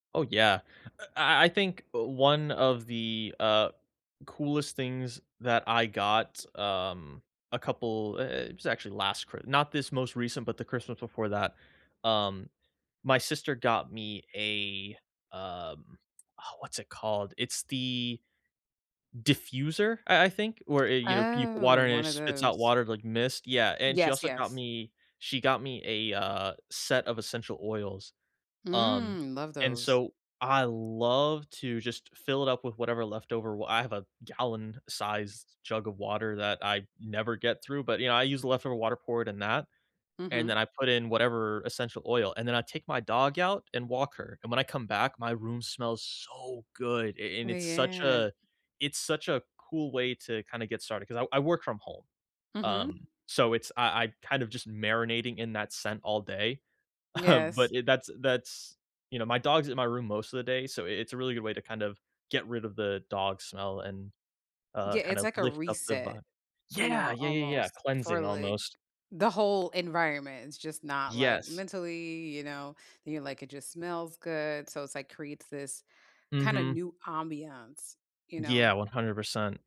Oh, yeah, uh, I I think one of the, uh, coolest things that I got, um, a couple i it was actually last Chri not this most recent, but the Christmas before that, um, my sister got me a, um uh, what's it called? It's the diffuser, I I think? W where, you know, peep water Oh, and 1 it of spits out those. water like mist, yeah, and she Yes, also got yes. me she got me a, uh, set of essential oils, um, Mm, love and those. so I love to just fill it up with whatever leftover wa I have a gallon-sized jug of water that I never get through, but, you know, I use the leftover water poured in that, and Mhm. then I put in whatever essential oil, and then I take my dog out and walk her, and when I come back, my room smells so good, a Oh, and it's such yeah. a it's such a cool way to kinda get started 'cause I I work from home, Mhm. um, so it's I I kind of just marinating in that scent all day. Um, but Yes. it that's that's you know, my dog's in my room most of the day, so i it's a really good way to kind of, get rid of the dog smell and, uh, Yeah, kind it's of, like a lift up the reset, vibe. you Yeah, know, yeah, yeah, yeah, almost for, cleansing, like, almost. the whole environment. It's just not like Yes. mentally, you know, then you're like, "It just smells good," so it's like, creates this kind of Mhm. new ambiance, you know. Yeah, 100%.